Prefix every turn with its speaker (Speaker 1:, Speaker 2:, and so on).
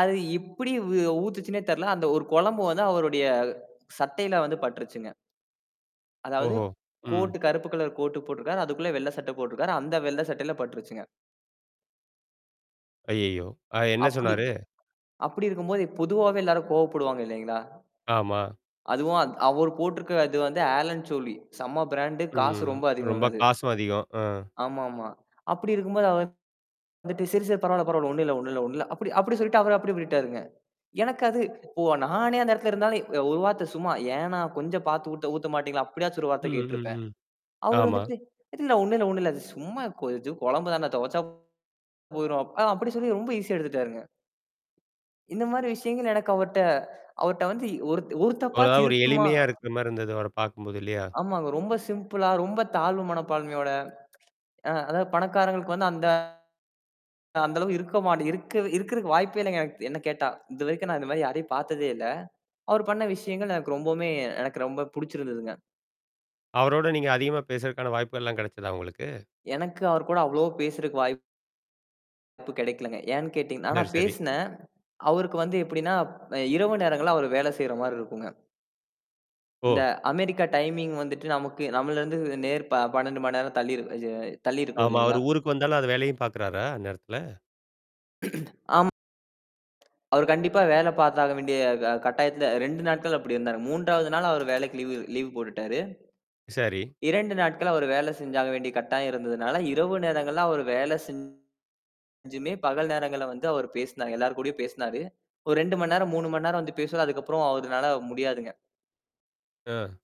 Speaker 1: அது எப்புடி ஊ ஊத்துச்சுன்னே தெரில. அந்த ஒரு கொழம்பு வந்து, அவருடைய சட்டையில வந்து பட்டுருச்சுங்க. அதாவது
Speaker 2: ஓஹோ! ம்.
Speaker 1: கோட் கருப்பு கலர் கோட்டு போட்டுருக்கார். அதுக்குள்ள வெள்ள சட்டை போட்டுருக்காரு. அந்த வெள்ள சட்டையில பட்டுருச்சுங்க.
Speaker 2: ஐயைய்யோ! அ என்னா
Speaker 1: அப்பிடி
Speaker 2: சொன்னாரு?
Speaker 1: அப்பிடி இருக்கும்போது, பொதுவாவே எல்லாரும் கோபப்படுவாங்க இல்லேங்களா!
Speaker 2: ஆமா.
Speaker 1: அதுவும் அத் அவரு போட்டிருக்கிற இது வந்து ஆலன்ஸோலி. செம்ம ப்ராண்டு காசு
Speaker 2: ம்.
Speaker 1: ரொம்ப
Speaker 2: ரொம்ப
Speaker 1: அதிகங்க அது.
Speaker 2: காசும் அதிகம். அ,
Speaker 1: ஆமாமா அப்பிடி இருக்கும்போது அவர் வந்துட்டு, "சரி, சரி, பரவால்ல-பரவால்ல. ஒன்னும் இல்ல, ஒன்னும் இல்ல, ஒன்னும் இல்ல" அப்பிடி, அப்பிடி சொல்லிட்டு அவரு அப்பிடியே போயிட்டாருங்க. எனக்கு அது இப்போ நானே அந்த எடத்துல இருந்தாலும் அ ஒரு வார்த்தை சும்மா, "ஏன்னா கொஞ்சம் பாத்து ஊத்த ஊத்த மாட்டீங்களா?" அப்பிடியாச்சும் ஒரு வார்த்த
Speaker 2: ம், ம்,
Speaker 1: கேட்டுருப்பேன்.
Speaker 2: ம்.
Speaker 1: அவர்
Speaker 2: ஆமா.
Speaker 1: வந்துட்டு, "இல்ல, ஒன்னும் இல்ல, ஒன்னும் இல்ல! அது சும்மா கொ இது கொழம்பு தானே? தொவச்சா போயிரும்" அ அப்பிடி சொல்லி ரொம்ப ஈஸியா எடுத்துட்டாருங்க. இந்தமாரி விஷயங்கள் எனக்கு அவர்ட்ட, அவர்ட்ட வந்து இ ஒருத் ஒரு
Speaker 2: அவரா
Speaker 1: தப்பாச்சும்
Speaker 2: ஒரு
Speaker 1: இருக்குமா
Speaker 2: எளிமையா இருக்குறமாரி இருந்தது, அவரப் பாக்கும்போது, இல்லயா!
Speaker 1: ஆமாங்க. ரொம்ப சிம்பிளா ரொம்ப தாழ்வு மனப்பான்மையோட, அ அதாவது பணக்காரங்களுக்கு வந்து அந்த அந்த அளவு இருக்க மாட்ட இருக்க இருக்கிறக்கு வாய்ப்பே இல்லுங்க! என்ன கேட்டா! இதுவரைக்கும் நான் இந்தமாரி யாரையும் பாத்ததே இல்ல. அவர் பண்ண விஷயங்கள் எனக்கு ரொம்பவுமே எனக்கு ரொம்ப புடிச்சிருந்ததுங்க.
Speaker 2: அவரோட நீங்க அதிகமா பேசறதுக்கான வாய்ப்புகள் எல்லாம் கிடைச்சதா உங்களுக்கு?
Speaker 1: எனக்கு அவர்கூட அவ்ளோ பேசறதுக்கு வாய்ப்பு கெடைக்கலேங்க. ஏன்ன்னு கேட்டீங்கன்னா ஆனா
Speaker 2: சரி, சரி.
Speaker 1: பேசினேன். அவருக்கு வந்து எப்பிடின்னா, அ இரவு நேரங்கள்ல அவரு வேலை செய்றமாரி இருக்கும்ங்க. இந்த
Speaker 2: ஓ!
Speaker 1: அமெரிக்கா டைமிங் வந்துட்டு நமக்கு நம்மள்ல இருந்து நேர் ப 12 மணி நேரம் தள்ளிரு அ தள்ளிருக்கும்
Speaker 2: ஆமா,
Speaker 1: இல்லேங்களா!
Speaker 2: அவரு ஊருக்கு வந்தாலும், அந்த வேலையும் பாக்கிறாரா? அந்நேரத்துல!
Speaker 1: ஆம் அவரு கண்டிப்பா வேலை பாத்தாக வேண்டிய க கட்டாயத்துல, 2 நாட்கள் அப்பிடி இருந்தாரு. 3 வது நாள் அவரு வேலைக்கு லீவு லீவு போட்டுட்டாரு.
Speaker 2: சரி.
Speaker 1: 2 நாட்கள் அவரு வேலை செஞ்சாக வேண்டிய கட்டாயம் இருந்ததுனால, இரவு நேரங்கள்ல, அவரு வேலை செஞ்சுமே, பகல் நேரங்கள்ல வந்து அவர் பேசினார், எல்லார் கூடயும் பேசினாரு. ஒரு 2 மண் நேரம், 3 மண் நேரம் வந்து பேசுனா. அதுக்கப்புறம் அவருனால முடியாதுங்க.
Speaker 2: அ.